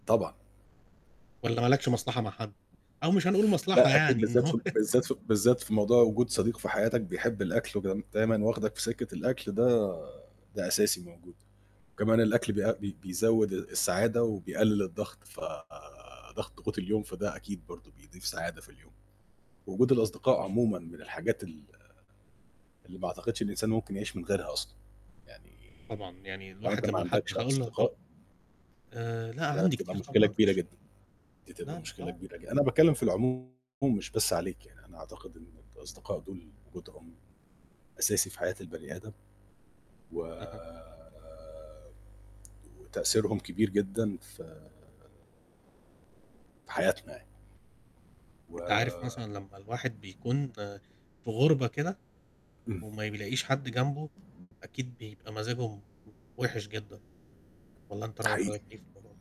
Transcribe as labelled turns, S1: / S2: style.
S1: طبعًا.
S2: والّا ما لكش مصلحة مع حد أو مش هنقول مصلحة
S1: لأ أكيد
S2: يعني إن
S1: بالذات
S2: هو
S1: في بالذات في بالذات في موضوع وجود صديق في حياتك بيحب الأكل وكده، دايمًا واخدك في سكّة الأكل ده ده أساسي موجود، وكمان الأكل بيا بي بيزوّد السعادة وبيقلل الضغط، فضغط ضغوط اليوم فده أكيد برضه بيضيف سعادة في اليوم، وجود
S2: أكيد
S1: الأصدقاء
S2: مش
S1: عمومًا من الحاجات ال اللي ما أعتقدش إن الإنسان ممكن يعيش من غيرها أصلًا يعني،
S2: طبعًا، يعني
S1: لو أنت
S2: الواحد
S1: ما
S2: لمّا حتى
S1: عندكش
S2: هاقول له ه
S1: أصدقاء
S2: آآ، لأ
S1: ده
S2: عندي
S1: تبقى
S2: كتير
S1: مشكلة
S2: طبعًا في
S1: كبيرة
S2: ش
S1: جدًا، دي تبقى
S2: لا، لأ،
S1: مشكلة
S2: آه
S1: كبيرة ج
S2: [unintelligible]
S1: أنا باتكلم في العموم مش بس عليك يعني أنا أعتقد إن الأصدقاء دول وجودهم أساسي في حياة البني آدم، و
S2: أها.
S1: وتأثيرهم كبير جدًا ف في حياتنا يعني.
S2: أنت عارف
S1: و
S2: مثلًا لمّا الواحد بيكون آآ في غُربة كده،
S1: امم.
S2: وما بيلاقيش حد جنبه، أكيد بيبقى مزاجه م وحِش جدًا، والّا أنت
S1: ده
S2: رأي
S1: حقيقي.
S2: حضرتك إيه في الموضوع ده؟